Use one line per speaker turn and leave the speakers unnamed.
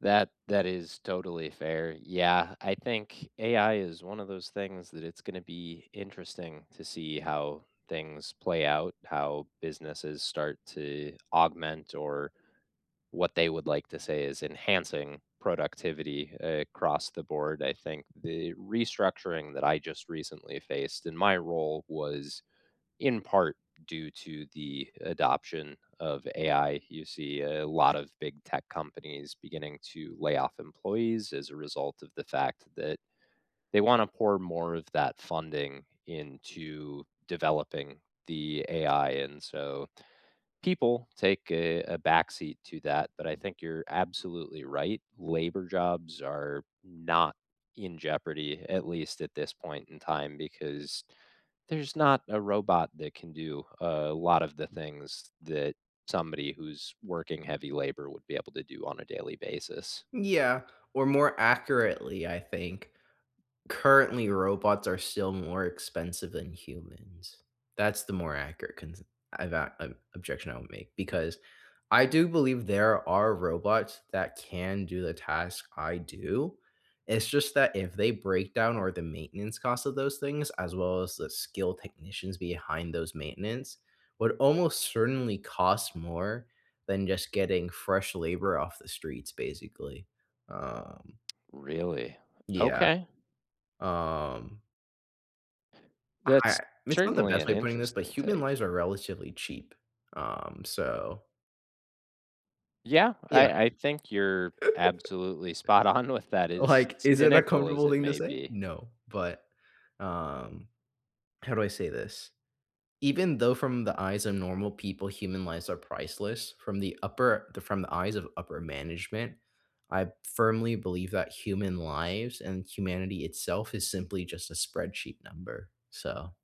That that is totally fair, yeah, I think AI is one of those things that it's gonna be interesting to see how things play out, how businesses start to augment or what they would like to say is enhancing productivity across the board, I think the restructuring that I just recently faced, in my role was, in part, due to the adoption of AI, you see a lot of big tech companies beginning to layoff employees as a result of the fact that they wanna pour more of that funding into developing the AI and so people take a a backseat to that, but I think you're absolutely right, labor jobs are not in jeopardy, at least at this point in time because there's not a robot that can do a lot of the things that somebody who's working heavy labor would be able to do on a daily basis.
Yeah, or more accurately, I think, currently, robots are still more expensive than humans. That's the more accurate cons I’ve got an objection I would make because I do believe there are robots that can do the task I do, it's just that if they break down or the maintenance costs of those things, as well as the skilled technicians behind those maintenance, would almost certainly cost more than just getting fresh labor off the streets, basically. Um
Really?
Yeah.
Okay.
Um I
That's,
it's not the
certainly
best
an
way of putting this, but
interesting
human
take.
lives are relatively cheap, um, so
Yeah,
Yeah.
I I think you're absolutely spot on with that, as
Like, is it a
cynical as
comfortable
it
thing to
may
say?
be.
No, but, um, how do I say this? Even though from the eyes of normal people, human lives are priceless from the upper from the eyes of upper management, I firmly believe that human lives and humanity, itself, is simply just a spreadsheet number, so